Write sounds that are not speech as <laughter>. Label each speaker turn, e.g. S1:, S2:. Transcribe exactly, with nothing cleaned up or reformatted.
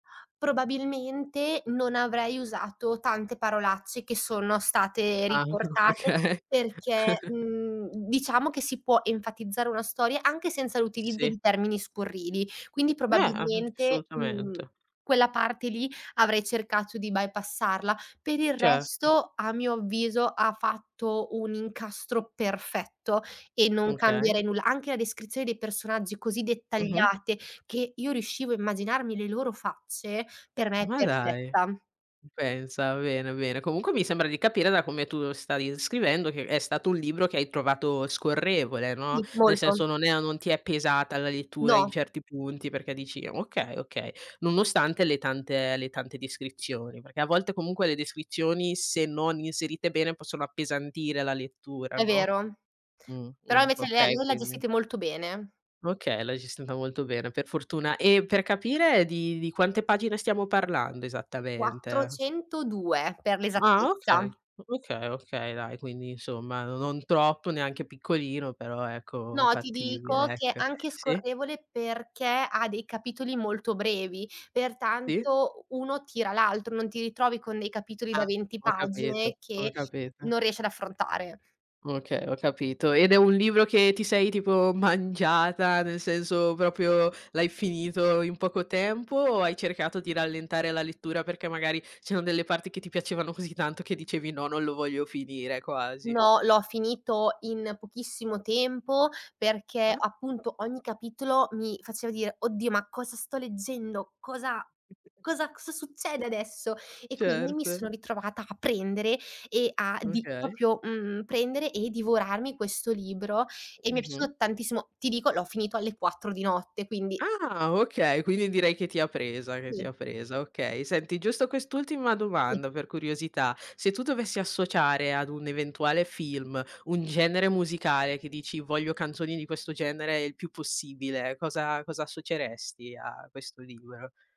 S1: Probabilmente non avrei usato tante parolacce che sono state
S2: Ahn, o
S1: riportate
S2: oka.
S1: perché,
S2: <chuckles>
S1: mhmm, diciamo che si può enfatizzare una storia anche senza l'utilizzo
S2: Sì.
S1: di termini scurrili. Quindi,
S2: Beh, a a
S1: probabilmente, mhmm,
S2: assolutamente.
S1: quella parte lì avrei cercato di bypassarla. Per il
S2: Certo.
S1: resto, a mio avviso, ha fatto un incastro perfetto e non
S2: Okay.
S1: cambierei nulla. Anche la descrizione dei personaggi così
S2: Mh-mh.
S1: dettagliate che io riuscivo a immaginarmi le loro facce, per me è
S2: Ma dai.
S1: perfetta.
S2: Uh, pensa, bene, bene. Comunque mi sembra di capire da come tu stavi inscrivendo, che è stato un libro che hai trovato scorrevole, no:
S1: Sì,
S2: nel
S1: molto.
S2: senso, non è a non ti è pesata la lettura in
S1: No.
S2: certi punti, perché dici: “Okay, okay”, nonostante le tante le tante descrizioni. Perché a volte comunque le descrizioni, se non inserite bene, possono appesantire la lettura,
S1: È
S2: no.
S1: vero.
S2: Mhmm,
S1: Però
S2: mhmm,
S1: invece lei ha
S2: okay
S1: lei le ha
S2: quindi.
S1: gestite molto bene.
S2: Okay, l'hai gestita molto bene per fortuna; e per capire di di quante pagine stiamo parlando, esattamente?
S1: quattrocentodue per
S2: Ah okay.
S1: l'esattezza.
S2: O okay, okay dai, quindi insomma no non troppo, neanche piccolino, però ecco
S1: No, ti
S2: fattibile,
S1: dico che
S2: ecco.
S1: anche
S2: Sì?
S1: scorrevole perché ha dei capitoli molto brevi,
S2: Sì.
S1: pertanto u uno tira l'altro, non ti ritrovi con dei capitoli da
S2: Ah,
S1: venti
S2: ho capito,
S1: pagine
S2: ho
S1: che
S2: capito.
S1: non riesci ad affrontare.
S2: Okay, ho capito. Ed è un libro che ti sei tipo mangiata, nel senso propio l'hai finito in poco tempo, o hai cercato di rallentare la lettura perché magari ci ono delle parti che ti piacevano così tanto che dicevi "no, non lo voglio finire", quasi?
S1: No, l'ho finito in pochissimo tempo perché,
S2: Ah.
S1: appunto, ogni capitolo mi faceva dire: “Oddio, ma cosa sto leggendo? Cosa, cosa, cosa succede adesso?” E quindi mi
S2: Certo.
S1: sono ritrovata a prendere e a di
S2: Okay.
S1: propio. mhmm, prendere e divorarmi questo libro e mi è
S2: Mh-mh.
S1: piaciuto tantissimo. Ti dico, l'ho finito alle quattro di notte, quindi
S2: Ah, okay, quindi direi che ti ha presa, che ti
S1: Sì.
S2: ha presa, okay. Senti, giusto quest'ultima
S1: Sì.
S2: domanda per curiosità: se tu dovessi associare ad un eventuale film un genere musicale che dici: “Voglio canzoni di questo genere il più possibile”, cosa cosa assoceresti a questo libro?